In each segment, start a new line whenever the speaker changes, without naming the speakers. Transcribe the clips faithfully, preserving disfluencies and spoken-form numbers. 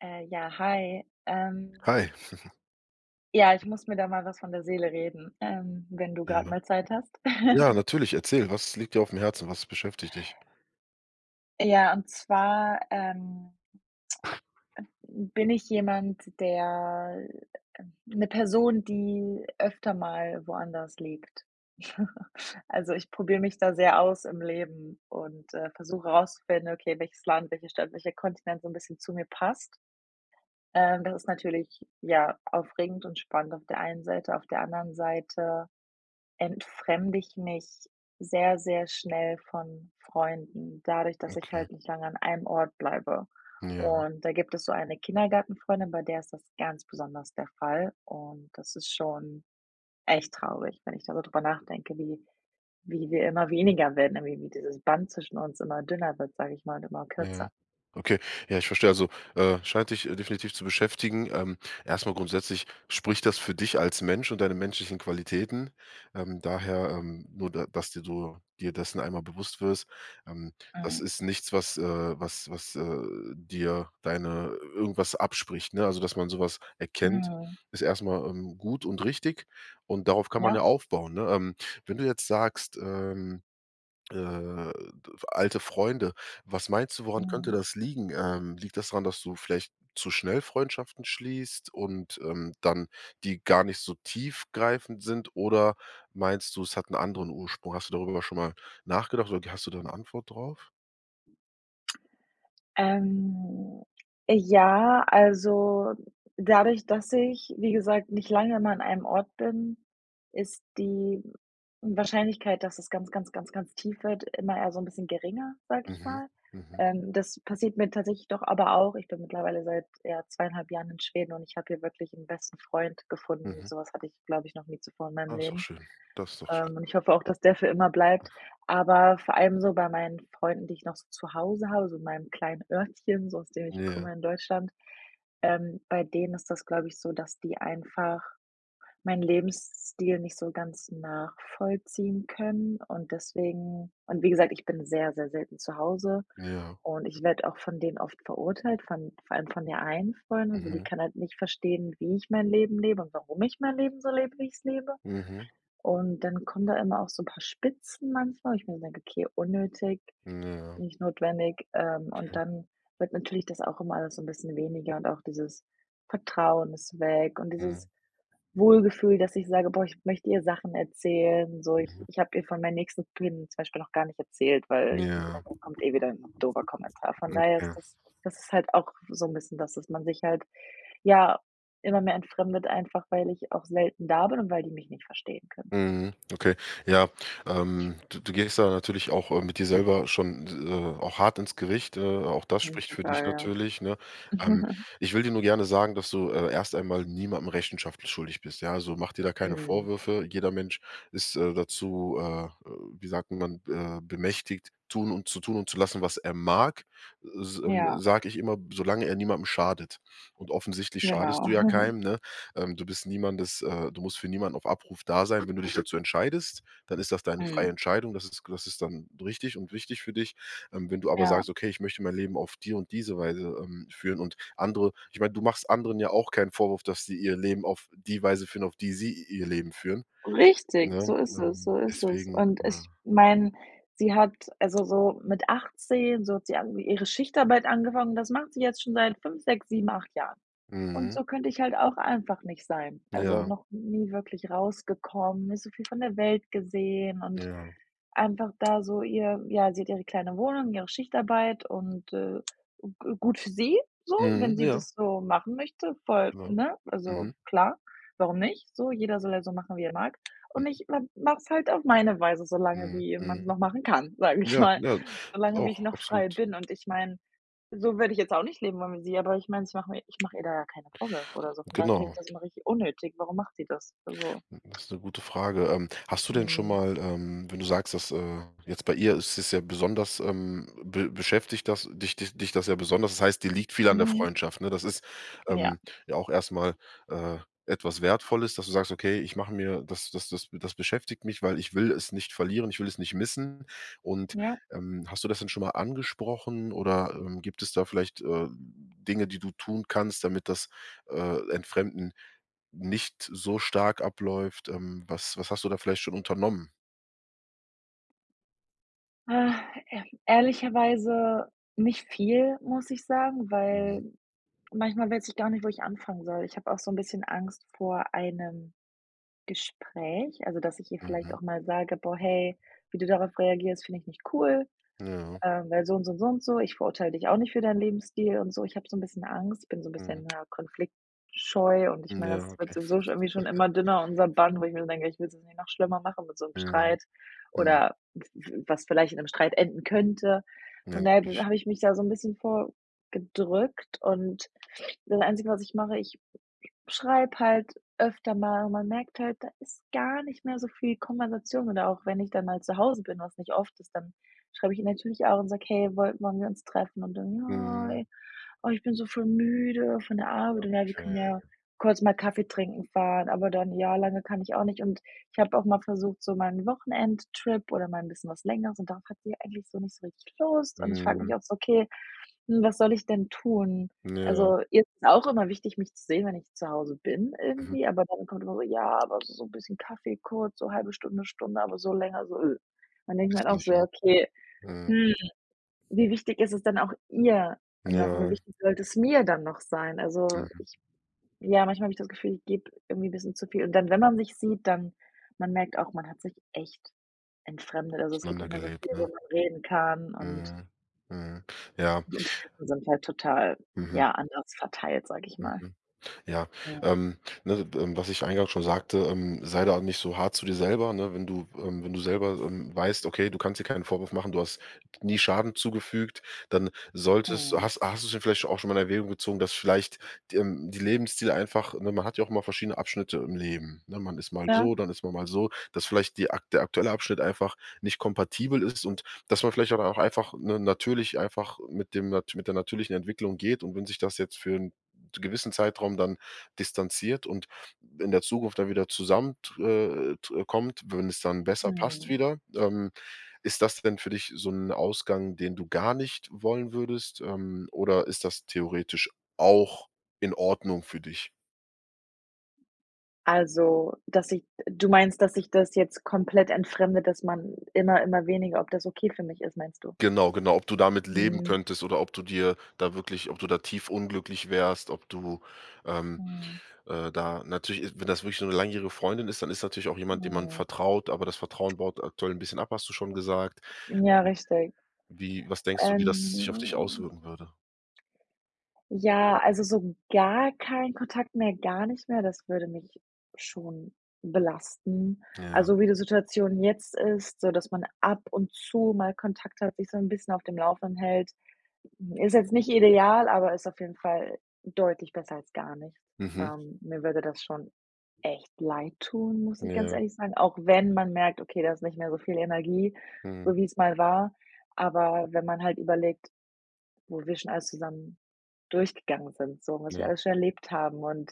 Äh, ja, hi, ähm
Hi.
ja, ich muss mir da mal was von der Seele reden, ähm, wenn du grad
Ja.
mal Zeit hast?
Ja, natürlich, erzähl, was liegt dir auf dem Herzen, was beschäftigt dich?
Ja, und zwar, ähm, bin ich jemand, der 'ne Person, die öfter mal woanders lebt. Also, ich probiere mich da sehr aus im Leben und, äh, versuche rauszufinden: „Okay, welches Land, welche Stadt, welcher Kontinent so 'n bisschen zu mir passt?” Ähm, das ist natürlich ja aufregend und spannend auf der einen Seite, auf der anderen Seite entfremde ich mich sehr, sehr schnell von Freunden, dadurch, dass ich
Okay.
halt nicht lange an einem Ort bleibe.
Ja.
Und da gibt es so eine Kindergartenfreundin, bei der ist das ganz besonders der Fall und das ist schon echt traurig, wenn ich da so drüber nachdenke, wie wie wir immer weniger werden, äh, wie dieses Band zwischen uns immer dünner wird, sage ich mal und immer
Ja.
kürzer.
Okay. Ja, ich verstehe. Also, äh, scheint dich, äh, definitiv zu beschäftigen, ähm, erstmal grundsätzlich spricht das für dich als Mensch und deine menschlichen Qualitäten, ähm, daher, ähm, nur da d dass du, dir dessen einmal bewusst wirst. Ähm, das
Mhm.
ist nichts, was äh, was was, äh, dir deine irgendwas abspricht, ne? Also, dass man sowas erkennt,
Mhm.
ist erstmal, ähm, gut und richtig. Und darauf kann man ja
Ja.
aufbauen, ne? Ähm, wenn du jetzt sagst, ähm, äh, d alte Freunde, was meinst du, woran könnte
Mhm.
das liegen? Ähm, liegt das dran, dass du vielleicht zu schnell Freundschaften schließt und, ähm, dann, die gar nicht so tiefgreifend sind, oder meinst du, es hat 'n anderen Ursprung? Hast du darüber schon mal nachgedacht oder k hast du da 'ne Antwort drauf?
Ähm, ja, also dadurch, dass ich, wie gesagt, nicht lange immer an einem Ort bin, ist die Wahrscheinlichkeit, dass es ganz, ganz, ganz, ganz tief wird, immer eher so 'n bisschen geringer, sage ich
Mhm,
mal.
mhm.
Ähm, das passiert mir tatsächlich doch aber auch ich bin mittlerweile seit, ja, zwei einhalb Jahren in Schweden und ich habe hier wirklich 'n besten Freund gefunden.
Mhm.
Sowas hatte ich, glaube ich, noch nie zuvor in meinem
Ah, ist doch
Leben.
schön. Das ist doch schön,
Ähm, und ich
doch schön.
hoffe auch, dass der für immer bleibt. Aber vor allem so bei meinen Freunden, die ich noch so zu Hause habe, so in meinem kleinen Örtchen, so aus dem ich
Ja.
komme in Deutschland, ähm, bei denen ist das glaube ich so, dass die einfach meinen Lebensstil nicht so ganz nachvollziehen können und deswegen und wie gesagt, ich bin sehr, sehr selten zu Hause
Ja.
und ich werde auch von denen oft verurteilt, von vor allem von der einen Freundin. Also, die
Mhm.
kann halt nicht verstehen, wie ich mein Leben lebe und warum ich mein Leben so lebe, wie ich's lebe.
Mhm.
Und dann kommen da immer auch so 'n paar Spitzen manchmal, wo ich mir denke: „Okay, unnötig,
N ja.
nicht notwendig“, ähm, und
Okay.
dann wird natürlich das auch immer alles so 'n bisschen weniger und auch dieses Vertrauen ist weg und dieses
Mhm.
Wohlgefühl, dass ich sage: „Boah, ich möchte ihr Sachen erzählen.“ So, Ich
Mhm.
ich habe ihr von meinen nächsten Plänen zum Beispiel noch gar nicht erzählt, weil ich mir
Ja.
gedacht habe: „Da kommt eh wieder 'n doofer Kommentar.“ Von daher ist
Okay.
das das ist halt auch so 'n bisschen, das, dass man sich halt, ja, immer mehr entfremdet, einfach, weil ich auch selten da bin und weil die mich nicht verstehen können.
Mhm, okay. Ja, ähm, du du gehst da natürlich auch, äh, mit dir selber schon, s äh, auch hart ins Gericht. Äh, auch das
Mhm,
spricht für dich
total, ja.
natürlich, ne? Ähm, ich will dir nur gerne sagen, dass du, äh, erst einmal niemandem Rechenschaft schuldig bist, ja. Also, mach dir da keine
Mhm.
Vorwürfe. Jeder Mensch ist, äh, dazu, äh, wie sagt man, äh, bemächtigt, tun und zu tun und zu lassen, was er mag. Äh, s ähm,
Ja.
sage ich immer, solange er niemandem schadet. Und offensichtlich schadest
Genau.
du ja keinem, ne? Ähm, du bist niemandes äh, du musst für niemanden auf Abruf da sein. Wenn du dich dazu entscheidest, dann ist das deine freie
Mhm.
Entscheidung. Das ist ge das ist dann richtig und wichtig für dich. Ähm, wenn du aber
Ja.
sagst: „Okay, ich möchte mein Leben auf die und diese Weise, ähm, führen“ und andere ich meine, du machst anderen ja auch keinen Vorwurf, dass sie ihr Leben auf die Weise führen, auf die sie ihr Leben führen,
Richtig,
ne?
so ist es,
Ähm,
so ist es.
deswegen
Und
ja
ich meine, sie hat also so mit achtzehn, so hat sie ang ihre Schichtarbeit angefangen. Das macht sie jetzt schon seit fünf, sechs, sieben, acht Jahren. Und
Mhm.
so könnte ich halt auch einfach nicht sein. Also
Ja.
noch nie wirklich rausgekommen, nicht so viel von der Welt gesehen und
Ja.
einfach da so ihr ja, sie hat ihre kleine Wohnung, ihre Schichtarbeit und, äh, g gut für sie, so,
Mhm,
wenn sie
ja.
das so machen möchte, voll,
Genau,
ne? Also
mhm.
klar, warum nicht? So jeder soll ja so machen, wie er mag. Und
Mhm.
ich ma mache es halt auf meine Weise, so lange,
Mhm,
wie man es
mhm.
noch machen kann, sage ich
Ja,
mal,
ja,
so
das
lange wie
auch,
ich noch frei
absolut.
bin und ich meine, so würde ich jetzt auch nicht leben wollen wie sie, aber ich meine, ich mache mir ich mache ihr da ja keine Vorwürfe oder so. Von daher finde ich
Genau.
das immer richtig unnötig. Warum macht sie das? Also
Das ist 'ne gute Frage. Ähm, hast du denn schon
Mhm.
mal, ähm, wenn du sagst, dass äh, jetzt bei ihr ist es ja besonders ähm, be beschäftigt das dich dich dich das ja besonders, das heißt, dir liegt viel an der
Mhm.
Freundschaft, ne? Das ist,
Ja.
ähm, ja auch erstmal, äh, etwas Wertvolles, dass du sagst: „Okay, ich mache mir das das das be das beschäftigt mich, weil ich will es nicht verlieren, ich will es nicht missen.“ Und,
Ja.
ähm, hast du das denn schon mal angesprochen, oder, ähm, gibt es da vielleicht, äh, Dinge, die du tun kannst, damit das, äh, Entfremden nicht so stark abläuft. Ähm, was was hast du da vielleicht schon unternommen?
Äh, ehrl ehrlicherweise nicht viel, muss ich sagen, weil
Mhm.
manchmal weiß ich gar nicht, wo ich anfangen soll. Ich habe auch so 'n bisschen Angst vor einem Gespräch. Also, dass ich ihr vielleicht
Mhm.
auch mal sage: „Boah, hey, wie du darauf reagierst, finde ich nicht cool.
Ja.
Ähm, weil so und so und so und so. Ich verurteile dich auch nicht für deinen Lebensstil und so.“ Ich habe so 'n bisschen Angst, bin so 'n
Mhm.
bisschen, ja, Konfliktscheu. Und ich meine,
Ja,
das wird
okay.
sowieso schon irgendwie schon immer dünner unser Band, wo ich mir denke, ich will es jetzt nicht noch schlimmer machen mit so 'nem
Mhm,
Streit
mhm.
oder w w was vielleicht in 'nem Streit enden könnte.
Ja,
Und da
natürlich.
habe ich mich da so 'n bisschen vor gedrückt und das einzige, was ich mache, ich schreibe halt öfter mal, und man merkt halt, da ist gar nicht mehr so viel Konversation. Oder auch wenn ich dann mal zu Hause bin, was nicht oft ist, dann schreibe ich ihr natürlich auch und sage: „Hey, woll wollen wir uns treffen?“ Und dann: „Ja,
Mhm.
oh, ich bin so voll müde von der Arbeit und ja wir
Okay.
können ja kurz mal Kaffee trinken fahren, aber dann ja lange kann ich auch nicht.“ Und ich habe auch mal versucht, so mal 'n Wochenendtrip oder mal 'n bisschen was längeres und darauf hat sie eigentlich so nicht so richtig Lust. Und ich frage mich
Mhm.
auch so: „Okay, hm, was soll ich denn tun?“
Ja.
Also, ihr ist es auch immer wichtig, mich zu sehen, wenn ich zu Hause bin,
Mhm.
irgendwie, aber dann kommt immer so: „Ja, aber so bisschen Kaffee kurz, so halbe Stunde, Stunde.“, aber so länger so, üh. Dann denke ich mir
Gehst
halt
du
auch
nicht
so: „Ja,
hin?
okay,
Mhm.
hm. Wie wichtig ist es dann auch ihr noch, wie
Ja.
wichtig sollte es mir dann noch sein?“ Also,
Mhm.
ich ja, manchmal habe ich das Gefühl, ich gebe irgendwie bisschen zu viel. Und dann, wenn man sich sieht, dann man merkt auch, man hat sich echt entfremdet. Also, es gibt
Auseinander
nicht mehr so viel,
gelebt, ne?
worüber man reden kann und
Mhm, mhm, ja.
die Interessen sind halt total,
Mhm.
ja, anders verteilt, sage ich mal.
Mhm, ja.
[unintelligible]
Ähm, ne, ähm, was ich eingangs schon sagte, ähm, sei da auch nicht so hart zu dir selber, ne, wenn du, ähm wenn du selber, ähm, weißt: „Okay, du kannst dir keinen Vorwurf machen, du hast nie Schaden zugefügt, dann solltest“
Mhm.
Hast hast du es denn vielleicht auch schon mal in Erwägung gezogen, dass vielleicht, ähm, die Lebensziele einfach, ne man hat ja auch mal verschiedene Abschnitte im Leben. Ne, man ist mal
Ja.
so, dann ist man mal so, dass vielleicht die akt der aktuelle Abschnitt einfach nicht kompatibel ist und dass man vielleicht dann auch einfach, ne natürlich einfach mit dem nat mit der natürlichen Entwicklung geht und wenn sich das jetzt für 'n gewissen Zeitraum dann distanziert und in der Zukunft dann wieder zusamment äh, t kommt, wenn es dann besser passt
Mhm.
wieder. Ähm, ist das denn für dich so 'n Ausgang, den du gar nicht wollen würdest? Ähm, oder ist das theoretisch auch in Ordnung für dich?
Also, dass ich du meinst, dass ich das jetzt komplett entfremde, dass man immer, immer weniger ob das okay für mich ist, meinst du?
Genau, genau, ob du damit leben
Mhm.
könntest oder ob du dir da wirklich ob du da tief unglücklich wärst, ob du, ähm,
Mhm.
äh, da natürlich wenn das wirklich so ’ne langjährige Freundin ist, dann ist natürlich auch jemand, dem man
Mhm.
vertraut, aber das Vertrauen baut aktuell ’n bisschen ab, hast du schon gesagt.
Ja,
Ähm,
richtig.
wie was denkst du, wie das sich auf dich
Ähm
auswirken würde?
Ja, also, so gar keinen Kontakt mehr, gar nicht mehr, das würde mich schon belasten.
Ja.
Also, wie die Situation jetzt ist, so dass man ab und zu mal Kontakt hat, sich so ’n bisschen auf dem Laufenden hält, ist jetzt nicht ideal, aber ist auf jeden Fall deutlich besser als gar nicht.
Mhm.
Ähm, mir würde das schon echt leid tun, muss ich ganz
Ja.
ehrlich sagen, auch wenn man merkt: „Okay, da ist nicht mehr so viel Energie,
Mhm.
so wie es mal war.“ Aber wenn man halt überlegt, wo wir schon alles zusammen durchgegangen sind, so, was wir
Ja.
alles schon erlebt haben und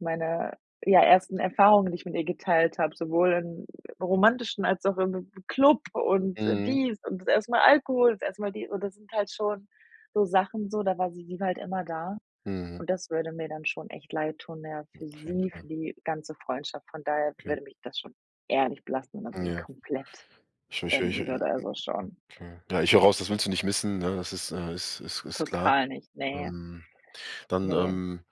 meine, ja, ersten Erfahrungen, die ich mit ihr geteilt habe, sowohl im romantischen als auch im Club und
Mhm.
dies und das erste mal Alkohol, das erste Mal die und das sind halt schon so Sachen so, da war sie halt immer da.
Mhm.
Und das würde mir dann schon echt leid tun, ja, für
Auf jeden
sie,
Fall.
für die ganze Freundschaft, von daher
Okay.
würde mich das schon ehrlich belasten [unintelligible]
Ja.
komplett
[unintelligible]
enden
Hm,
würde also, schon.
okay. Ja, ich höre heraus, das willst du nicht missen, ne? Das ist, äh, ist ist ist klar.
Total nicht, ne.
Ähm, dann,
Ne.
ähm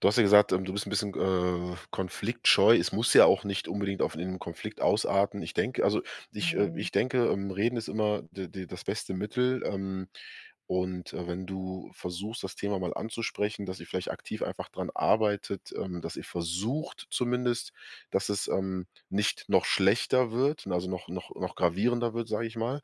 du hast ja gesagt, ähm, du bist ’n bisschen, äh, konfliktscheu. Es muss ja auch nicht unbedingt auf ’n Konflikt ausarten. Ich denke, also ich, äh
Mhm.
ich denke, ähm, reden ist immer d d das beste Mittel, ähm, und, äh, wenn du versuchst, das Thema mal anzusprechen, dass ihr vielleicht aktiv einfach dran arbeitet, ähm, dass ihr versucht zumindest dass es, ähm, nicht noch schlechter wird, also noch noch noch gravierender wird, sage ich mal.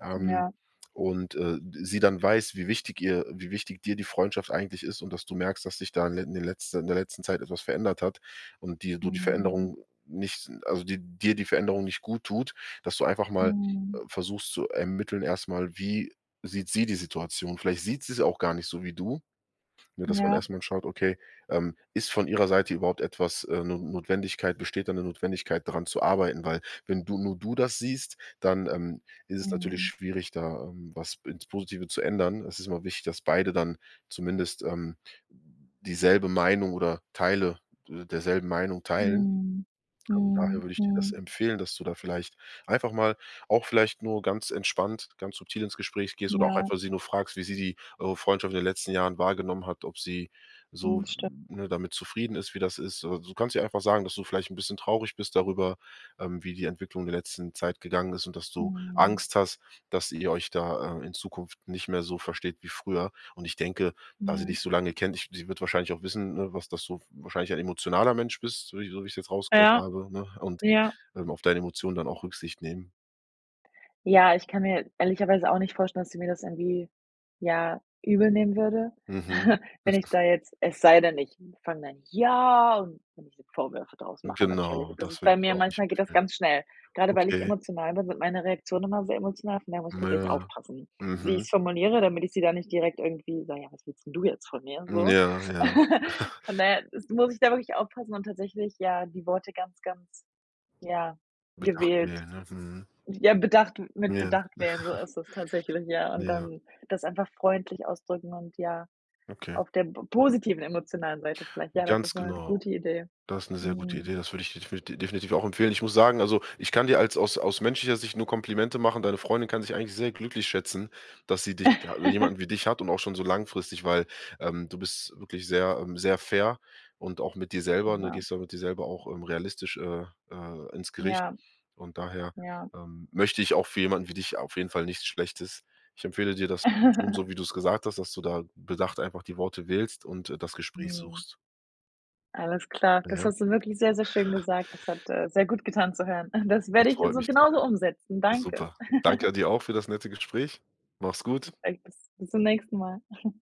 Ähm,
Ja.
und, äh, sie dann weiß, wie wichtig ihr wie wichtig dir die Freundschaft eigentlich ist und dass du merkst, dass dich da in in den letzten in der letzten Zeit etwas verändert hat und dir du die
Mhm.
Veränderung nicht also, die dir die Veränderung nicht gut tut, dass du einfach mal, äh,
Mhm.
versuchst zu ermitteln erstmal, wie sieht sie die Situation. Vielleicht sieht sie es auch gar nicht so wie du. Nur, dass man
Ja.
erstmal schaut, okay, ähm, ist von ihrer Seite überhaupt etwas, äh No Notwendigkeit besteht da ’ne Notwendigkeit dran zu arbeiten? Weil, wenn du nur du das siehst, dann, ähm, ist es natürlich
Mhm.
schwierig, da, ähm, was ins Positive zu ändern. Es ist immer wichtig, dass beide dann zumindest, ähm, dieselbe Meinung oder Teile, äh, derselben Meinung teilen.
Mhm,
Ähm, daher
mhm,
würde ich dir das
mhm.
empfehlen, dass du da vielleicht einfach mal auch vielleicht nur ganz entspannt, ganz subtil ins Gespräch gehst oder auch
Ja.
einfach sie nur fragst, wie sie die eure Freundschaft in den letzten Jahren wahrgenommen hat, ob sie
Mhm,
so,
sti
ne, damit zufrieden ist, wie das ist. Äh, du kannst ihr einfach sagen, dass du vielleicht ’n bisschen traurig bist
Hm.
darüber, ähm, wie die Entwicklung in der letzten Zeit gegangen ist und dass du
Mhm.
Angst hast, dass ihr euch da, äh, in Zukunft nicht mehr so versteht wie früher. Und ich denke, da sie
Mhm.
dich so lange kennt, ich sie wird wahrscheinlich auch wissen, ne, was das so wahrscheinlich ein emotionaler Mensch bist, so wie so wie ich jetzt rausgehört
Ja.
habe, ne? Und,
Ja.
ähm, auf deine Emotionen dann auch Rücksicht nehmen.
Ja, ich kann mir ehrlicherweise auch nicht vorstellen, dass sie mir das irgendwie, ja, übel nehmen würde,
Mhm.
wenn ich da jetzt es sei denn, ich fange dann ja, und wenn ich ihr Vorwürfe draus mache natürlich.
Genau,
Das
das
ist bei
würde ich
mir
auch nicht
manchmal geht das
empfehlen.
ganz schnell. Grade weil ich
Okay.
emotional bin, sind meine Reaktionen immer sehr emotional, von daher muss ich
Na
tatsächlich
ja.
aufpassen, wie ich
Mhm.
es formuliere, damit ich sie da nicht direkt irgendwie: „Ja, was willst denn du jetzt von mir?“,
Hm,
so.
ja, ja.
Von daher ist muss ich da wirklich aufpassen und tatsächlich, ja, die Worte ganz, ganz, ja,
Bedacht
gewählt,
wählen, ne, mhm.
ja bedacht mit
Ja.
bedacht wählen, so ist es tatsächlich, ja, und
Ja, ja.
dann das einfach freundlich ausdrücken und, ja,
Okay.
auf der p positiven emotionalen Seite vielleicht. Ja, das
Ganz
ist mal 'ne
genau.
gute Idee.
Das 'ne sehr gute
Mhm.
Idee. Das würde ich definiti definitiv auch empfehlen. Ich muss sagen, also, ich kann dir als aus aus menschlicher Sicht nur Komplimente machen. Deine Freundin kann sich eigentlich sehr glücklich schätzen, dass sie dich ha jemanden wie dich hat und auch schon so langfristig, weil, ähm, du bist wirklich sehr, ähm, sehr fair und auch mit dir selber, du
Na.
gehst ja mit dir selber auch, ähm, realistisch, äh, äh, ins Gericht.
Ja.
Und daher,
Ja.
ähm, möchte ich auch für jemanden wie dich auf jeden Fall nichts Schlechtes. Ich empfehle dir das zu tun, so wie du es gesagt hast, dass du da bedacht einfach die Worte wählst und, äh, das Gespräch
Mhm.
suchst.
Alles klar. Das
Ja.
hast du wirklich sehr, sehr schön gesagt. Das hat, äh, sehr gut getan zu hören. Das
Das
werde ich
freut
so
mich zu hören,
genauso umsetzen. Danke.
super. Danke dir auch für das nette Gespräch. Mach's gut.
Perfekt, bis bis zum nächsten Mal.